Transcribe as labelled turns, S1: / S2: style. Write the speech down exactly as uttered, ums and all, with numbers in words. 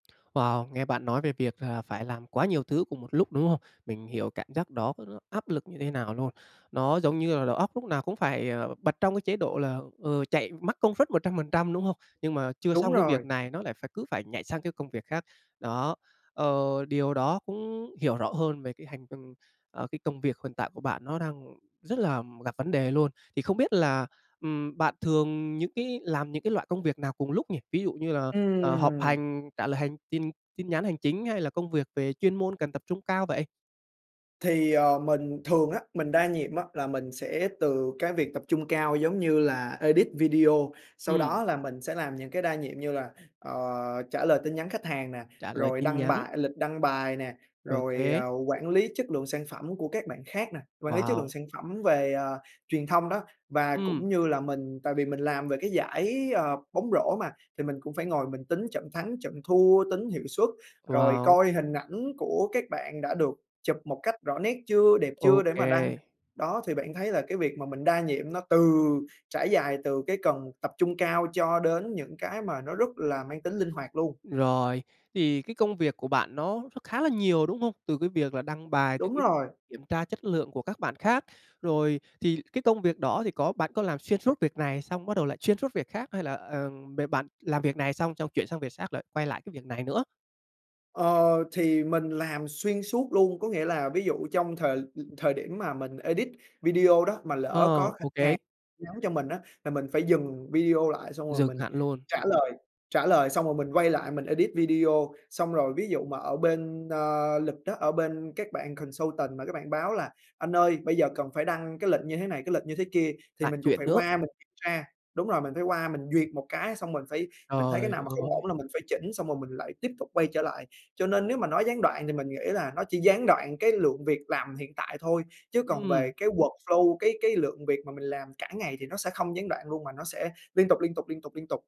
S1: Wow, nghe bạn nói về việc là phải làm quá nhiều thứ cùng một lúc, đúng không? Mình hiểu cảm giác đó đó áp lực như thế nào luôn! Nó giống như là đầu óc lúc nào cũng phải, ờ, bật trong cái chế độ là, ờ, chạy mắc công suất một trăm phần trăm, đúng không? Nhưng mà chưa
S2: Đúng
S1: xong cái
S2: rồi!
S1: việc này nó lại phải cứ phải nhảy sang cái công việc khác, đó. Ờ, điều đó cũng hiểu rõ hơn về cái hành ờ, cái công việc hiện tại của bạn nó đang rất là gặp vấn đề luôn. Thì không biết là, ừm, bạn thường những cái làm những cái loại công việc nào cùng lúc nhỉ, ví dụ như là, ờ, họp
S2: Ừm!
S1: hành, trả lời hành chinh tin nhắn hành chính hay là công việc về chuyên môn cần tập trung cao vậy?
S2: Thì, ờ, mình thường á, mình đa nhiệm á, là mình sẽ từ cái việc tập trung cao giống như là edit video, sau
S1: Ừm.
S2: đó là mình sẽ làm những cái đa nhiệm như là, ờ, trả lời tin nhắn khách hàng nè,
S1: Trả lời
S2: rồi
S1: tin
S2: đăng
S1: nhắn.
S2: bài lịch đăng bài nè,
S1: Ô
S2: rồi,
S1: kê!
S2: ờ, quản lý chất lượng sản phẩm của các bạn khác nè, quản lý chất lượng
S1: Wow!
S2: sản phẩm về, ờ, truyền thông đó. Và
S1: Ừm.
S2: cũng như là mình tại vì mình làm về cái giải, ờ, bóng rổ mà thì mình cũng phải ngồi mình tính trận thắng, trận thua, tính hiệu suất, rồi
S1: Wow!
S2: coi hình ảnh của các bạn đã được chụp một cách rõ nét chưa, đẹp
S1: Ô
S2: chưa để mà đăng.
S1: kê.
S2: Đó, thì bạn thấy là cái việc mà mình đa nhiệm nó từ trải dài từ cái cần tập trung cao cho đến những cái mà nó rất là mang tính linh hoạt luôn.
S1: Rồi, thì cái công việc của bạn nó nó khá là nhiều, đúng không? Từ cái việc là đăng bài
S2: Đúng rồi!
S1: kiểm tra chất lượng của các bạn khác. Rồi, thì cái công việc đó thì có bạn có làm xuyên suốt việc này xong bắt đầu lại xuyên suốt việc khác hay là, ờm, b bạn làm việc này xong, xong chuyển sang việc xác, lại quay lại cái việc này nữa?
S2: Ờ, thì mình làm xuyên suốt luôn. Có nghĩa là, ví dụ trong thời l thời điểm mà mình edit video đó mà lỡ
S1: Ờ,
S2: có khách
S1: ô kê.
S2: hàng nhắn cho mình á, là mình phải dừng video lại xong rồi
S1: Dừng
S2: mình
S1: hẳn luôn.
S2: trả lời, trả lời xong rồi mình quay lại mình edit video. Xong rồi ví dụ mà ở bên, ờ, lịch á, ở bên các bạn consultant mà các bạn báo là "Anh ơi, bây giờ phải đăng cái lệnh như thế này, cái lịch như thế kia", thì
S1: Lại
S2: mình cũng
S1: chuyện
S2: phải
S1: nữa!
S2: qua mình kiểm tra đúng rồi, mình phải qua mình duyệt một cái, xong mình phải mình thấy cái
S1: Trời
S2: nào mà không ổn
S1: ơi!
S2: là mình phải chỉnh, xong rồi mình lại tiếp tục quay trở lại. Cho nên nếu mà nói gián đoạn thì mình nghĩ là nó chỉ gián đoạn cái lượng việc làm hiện tại thôi, chứ còn
S1: Ừm.
S2: về cái workflow, cái cái lượng việc mà mình làm cả ngày thì nó sẽ không gián đoạn luôn mà nó sẽ liên tục, liên tục, liên tục, liên tục!